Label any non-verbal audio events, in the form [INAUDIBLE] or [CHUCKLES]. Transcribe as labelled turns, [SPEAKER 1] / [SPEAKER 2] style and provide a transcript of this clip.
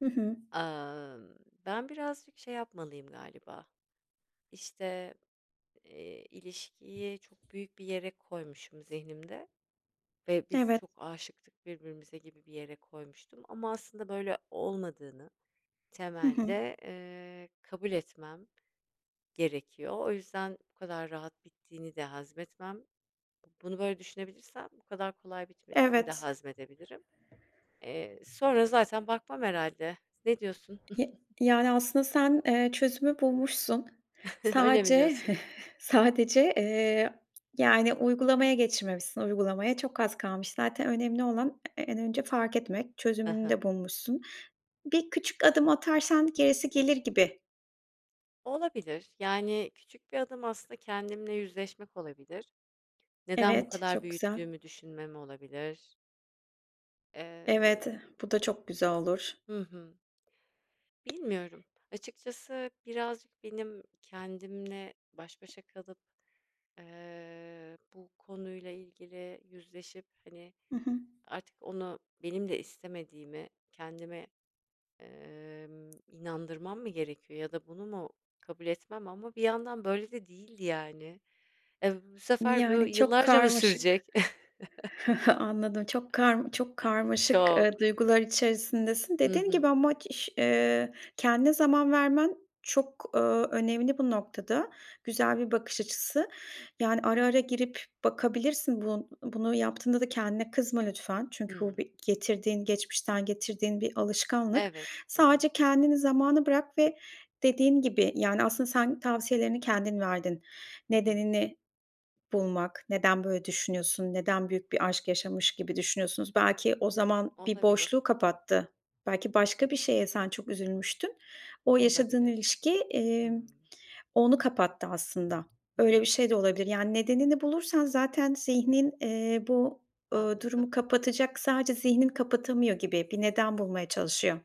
[SPEAKER 1] Hı hı.
[SPEAKER 2] Amm, ben birazcık şey yapmalıyım galiba, işte, eee, ilişkiyi çok büyük bir yere koymuşum zihnimde ve biz
[SPEAKER 1] Evet.
[SPEAKER 2] çok aşıktık birbirimize gibi bir yere koymuştum ama aslında böyle olmadığını
[SPEAKER 1] Hı hı.
[SPEAKER 2] temelde, eee, kabul etmem gerekiyor. O yüzden bu kadar rahat bittiğini de hazmetmem bu bunu böyle düşünebilirsem bu kadar kolay bitmesini de
[SPEAKER 1] Evet.
[SPEAKER 2] hazmedebilirim. Eee, sonra zaten bakmam herhâlde, ne diyorsun?
[SPEAKER 1] Y
[SPEAKER 2] [CHUCKLES]
[SPEAKER 1] yani, aslında sen, eee, çözümü bulmuşsun.
[SPEAKER 2] [CHUCKLES] Öyle mi
[SPEAKER 1] Sadece
[SPEAKER 2] diyorsun?
[SPEAKER 1] [CHUCKLES] sadece, eee, yani, uygulamaya geçirmemişsin, uygulamaya çok az kalmış. Zaten önemli olan e en önce fark etmek.
[SPEAKER 2] Hı
[SPEAKER 1] Çözümünü
[SPEAKER 2] hı.
[SPEAKER 1] de bulmuşsun. Bir küçük adım atarsan gerisi gelir gibi.
[SPEAKER 2] Olabilir, yani küçük bir adım aslında kendimle yüzleşmek olabilir. Neden bu
[SPEAKER 1] Evet,
[SPEAKER 2] kadar
[SPEAKER 1] çok güzel.
[SPEAKER 2] büyüttüğümü düşünmem olabilir?
[SPEAKER 1] Evet,
[SPEAKER 2] Emm
[SPEAKER 1] bu da çok güzel olur.
[SPEAKER 2] Hı hı. Bilmiyorum, açıkçası birazcık benim kendimle baş başa kalıp, eee, bu konuyla ilgili yüzleşip, hani,
[SPEAKER 1] Hı hı.
[SPEAKER 2] artık onu benim de istemediğimi kendime, emm, inandırmam mı gerekiyor ya da bunu mu kabul etmem ama bir yandan böyle de değildi yani. Eee, uuu, bu sefer bu
[SPEAKER 1] Yani, çok
[SPEAKER 2] yıllarca mı
[SPEAKER 1] karmaşık.
[SPEAKER 2] sürecek?
[SPEAKER 1] [CHUCKLES] Anladım. Çok karm çok
[SPEAKER 2] [CHUCKLES]
[SPEAKER 1] karmaşık, eee,
[SPEAKER 2] Çok.
[SPEAKER 1] duygular içerisindesin.
[SPEAKER 2] Hı
[SPEAKER 1] Dediğin gibi
[SPEAKER 2] hı.
[SPEAKER 1] ama k iş eee, kendine zaman vermen çok, ııı, önemli bu noktada. Güzel bir bakış açısı. Yani ara ara girip bakabilirsin. Bun bunu yaptığında da kendine kızma lütfen. Çünkü bu
[SPEAKER 2] Hımm.
[SPEAKER 1] bir getirdiğin geçmişten getirdiğin bir alışkanlık.
[SPEAKER 2] Evet. Hı hı.
[SPEAKER 1] Sadece kendini zamana bırak ve dediğim gibi, yani aslında sen tavsiyelerini kendin verdin.
[SPEAKER 2] Hı hı.
[SPEAKER 1] Nedenini bulmak, neden böyle düşünüyorsun, neden büyük bir aşk yaşamış gibi düşünüyorsunuz. Belki o zaman bir boşluğu
[SPEAKER 2] Olabilir.
[SPEAKER 1] kapattı. Belki başka bir şeye sen çok üzülmüştün. O yaşadığın
[SPEAKER 2] Olabilir.
[SPEAKER 1] ilişki, emm,
[SPEAKER 2] Hımm.
[SPEAKER 1] onu kapattı aslında.
[SPEAKER 2] Hı
[SPEAKER 1] Öyle
[SPEAKER 2] hı.
[SPEAKER 1] bir şey de olabilir. Yani nedenini bulursan zaten zihnin, eee, bu, ııı,
[SPEAKER 2] Anladım.
[SPEAKER 1] durumu kapatacak. Sadece zihnin kapatamıyor gibi, bir neden bulmaya çalışıyor.